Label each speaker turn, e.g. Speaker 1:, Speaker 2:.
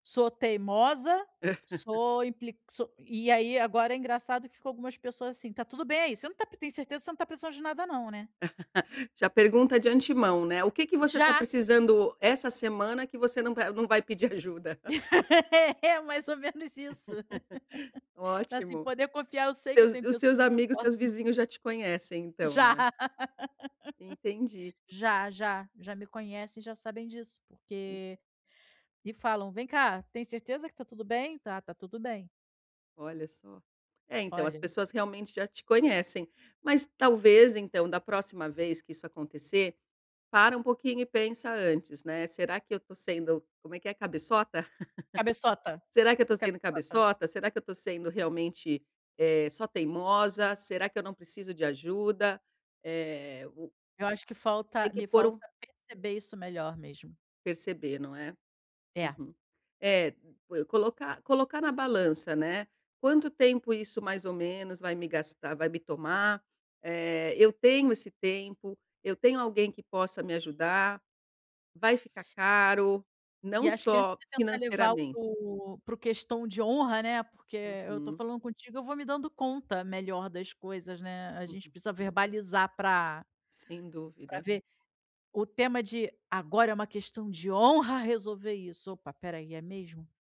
Speaker 1: "Sou teimosa, sou impli so", e aí, agora, é engraçado que ficou algumas pessoas assim: "Tá tudo bem? Você não tá pe tem certeza que você não está precisando de nada não, né?".
Speaker 2: Já pergunta de antemão, né: "O que que você está
Speaker 1: Já!
Speaker 2: precisando essa semana que você não va não vai pedir ajuda?".
Speaker 1: É, mais ou menos isso. Assim,
Speaker 2: Ótimo.
Speaker 1: poder confiar, eu sei que eu
Speaker 2: Seus
Speaker 1: tenho
Speaker 2: e os seus
Speaker 1: pessoas em que eu
Speaker 2: amigos,
Speaker 1: posso.
Speaker 2: seus vizinhos já te conhecem, então,
Speaker 1: Já.
Speaker 2: não é. Entendi.
Speaker 1: Já, já, já me conhecem e já sabem disso,
Speaker 2: Hum.
Speaker 1: porque e falam: "Vem cá, tem certeza que tá tudo bem?". "Tá, tá tudo bem!".
Speaker 2: Olha só. É, então, as
Speaker 1: Olha
Speaker 2: pessoas realmente já te conhecem. Mas talvez, então, da próxima vez que isso acontecer, para um pouquinho e pensa antes, né: "Será que eu estou sendo" como é que é, 'cabeçota'?";
Speaker 1: "Cabeçota".
Speaker 2: "Será que eu estou
Speaker 1: Fica
Speaker 2: sendo
Speaker 1: cota.
Speaker 2: cabeçota?"; "Será que eu estou sendo, realmente, eh, só teimosa?"; "Será que eu não preciso de ajuda?"; eh, o
Speaker 1: Eu acho que falta
Speaker 2: Tem que
Speaker 1: me
Speaker 2: pôr
Speaker 1: falta
Speaker 2: um
Speaker 1: perceber isso melhor mesmo.
Speaker 2: Perceber, não é?
Speaker 1: É.
Speaker 2: Uhum. É, pue colocar colocar na balança, né: "Quanto tempo isso mais ou menos vai me gastar vai me tomar?"; eh, "Eu tenho esse tempo?"; "Eu tenho alguém que possa me ajudar?"; "Vai ficar caro?
Speaker 1: E
Speaker 2: Não
Speaker 1: acho que, antes
Speaker 2: só
Speaker 1: de tentar levar o
Speaker 2: financeiramente"
Speaker 1: co para o "questão de honra", né, porque eu estou
Speaker 2: Uhum.
Speaker 1: falando contigo, eu vou me dando conta, melhor, das coisas, né, a gente
Speaker 2: Uhum.
Speaker 1: precisa verbalizar pra
Speaker 2: Sem
Speaker 1: pra
Speaker 2: dúvida.
Speaker 1: ver, o tema de: "Agora é uma questão de honra resolver isso!". "Opa, espera aí, é mesmo?".